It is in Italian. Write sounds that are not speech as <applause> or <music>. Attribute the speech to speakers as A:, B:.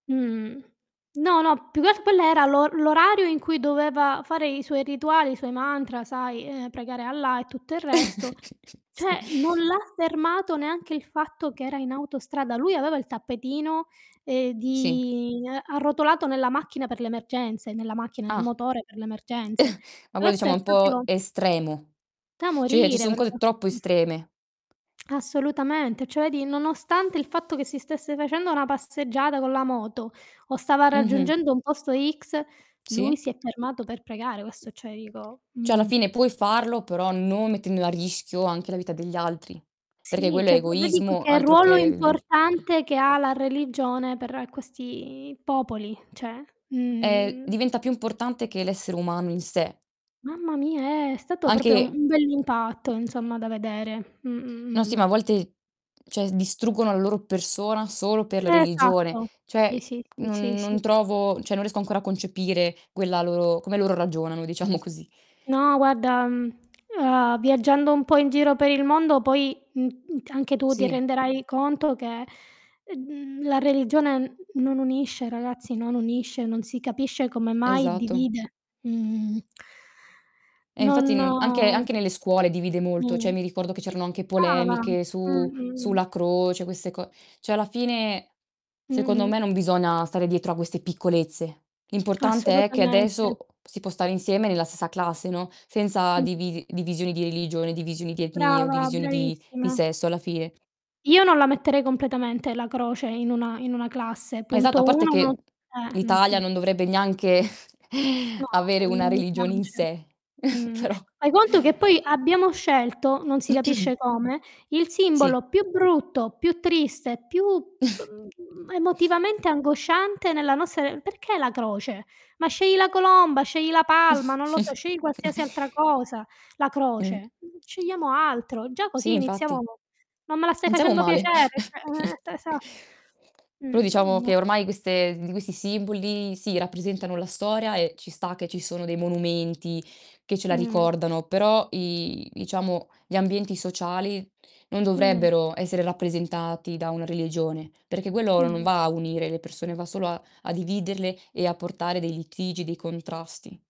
A: Mhmm, no, no, più che al quello era l'o l'orario in cui doveva fare i suoi rituali, i suoi mantra, sai, ehm, pregare Allah e tutto il resto.
B: <chuckles> Sì.
A: Cioè, non l'ha fermato neanche il fatto che era in autostrada. Lui aveva il tappetino, ehm,
B: Sì.
A: di ehm, arrotolato nella macchina per le emergenze, nella macchina,
B: Ah.
A: nel
B: <chuckles>
A: motore per le emergenze.
B: Ma quello
A: Questo
B: diciamo è
A: è
B: un po'
A: proprio
B: estremo.
A: Da
B: Cioè, ci
A: morire,
B: son
A: proprio,
B: cose troppo
A: mh.
B: estreme.
A: Assolutamente. Cioè di nonostante il fatto che si stesse facendo una passeggiata con la moto o stava
B: Mh-mh.
A: raggiungendo un posto x, lui
B: Sì.
A: si è fermato per pregare, questo cioè dico
B: Cioè, alla
A: mh.
B: fine puoi farlo però non mettendo a rischio anche la vita degli altri. Perché
A: Sì,
B: quello è
A: cioè po vedi poi
B: egoismo
A: che
B: altro che
A: ruolo
B: il viagg
A: importante che ha la religione per questi popoli, cioè,
B: Ehm,
A: mhmm.
B: diventa più importante che l'essere umano in sé.
A: Mamma mia, è stato proprio
B: Anche
A: un bell'impatto insomma da vedere. Mh,
B: No,
A: mh,
B: sì ma a
A: mh.
B: volte cioè, distruggono la loro persona solo per la religione.
A: Esatto.
B: Cioè,
A: Sì, sì, sì, sì,
B: mhmm,
A: sì.
B: non trovo cioè non riesco ancora a concepire quella loro come loro ragionano diciamo così.
A: No, guarda, mhmm, ehm, viaggiando un po' in giro per il mondo poi, mhmm, mhmm, anche tu ti
B: Sì.
A: renderai conto che, ehm, la religione n non unisce, ragazzi, non unisce, non si capisce come mai
B: Esatto.
A: divide, mhmm
B: E infatti n anche
A: Non
B: anche nelle scuole divide molto. Cioè,
A: Mh.
B: mi ricordo che
A: Sì.
B: c'erano anche
A: Brava.
B: polemiche
A: Mh,
B: su
A: mh ,mh.
B: sulla croce queste co cioè alla fine,
A: Mh,
B: secondo me,
A: mh.
B: non bisogna stare dietro a queste piccolezze. L'importante è che
A: Assolutamente.
B: adesso si può stare insieme nella stessa classe, no, senza
A: Mh.
B: divi divisioni di religione, divisioni di etnie o
A: Brava,
B: divisioni di di
A: bravissima.
B: sesso alla fine.
A: Io non la metterei completamente la croce in una in una classe,
B: Ma esatto, a
A: punto
B: parte
A: 1 no
B: che
A: s eh,
B: l'Italia
A: mh-mh.
B: non dovrebbe neanche,
A: No,
B: <chuckles> avere una
A: non mi
B: religione in
A: piace.
B: sé. <chuckles>
A: Mh.
B: Però
A: Fai conto che poi abbiamo scelto, non si capisce come, il
B: Sì.
A: simbolo più brutto, più triste, più emotivamente
B: <chuckles>
A: angosciante, nella nostra re perché la croce? Ma scegli la colomba, scegli la palma, non lo so, scegli qualsiasi
B: <chuckles>
A: altra cosa. La
B: Mh.
A: croce, scegliamo altro. Già
B: Sì,
A: così iniziamo
B: infatti.
A: non me la stai
B: Non siamo
A: facendo
B: male.
A: piacere, cioè, ehm,
B: <chuckles>
A: esa
B: Però
A: mhmm,
B: diciamo
A: no
B: che ormai queste di questi simboli sì, rappresentano la storia e ci sta che ci sono dei monumenti che ce la
A: Mh.
B: ricordano però i diciamo gli ambienti sociali non
A: Mh.
B: dovrebbero essere rappresentati da una religione, perché quello non
A: Mh-mh.
B: va a unire le persone va solo a a dividerle e a portare dei litigi, dei contrasti.